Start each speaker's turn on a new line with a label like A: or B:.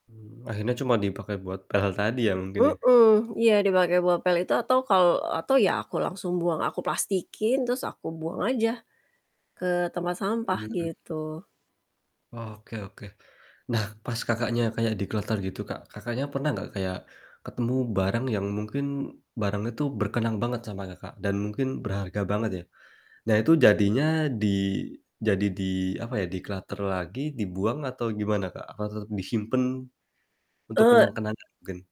A: Mmm, akhirnya cuma dipake buat pel tadi ya, mungkin ya?
B: Mhm, iya dipakai bopel itu atau kal atau ya aku langsung buang aku plastikin terus aku buang aja ke tempat sampah
A: Hmm.
B: gitu.
A: Oke oke. Nah pas, Kakaknya, kaya dikloter gitu, Kak, Kakaknya, pernah gak kayak ketemu barang yang mungkin barang itu berkenang banget sama, Kakak, dan mungkin berharga banget ya. Nah itu jadinya di jadi di apa ya, declutter lagi dibuang atau gimana, Kak? Atau tetep disimpen untuk
B: Eee
A: kenang-kenangan mungkin?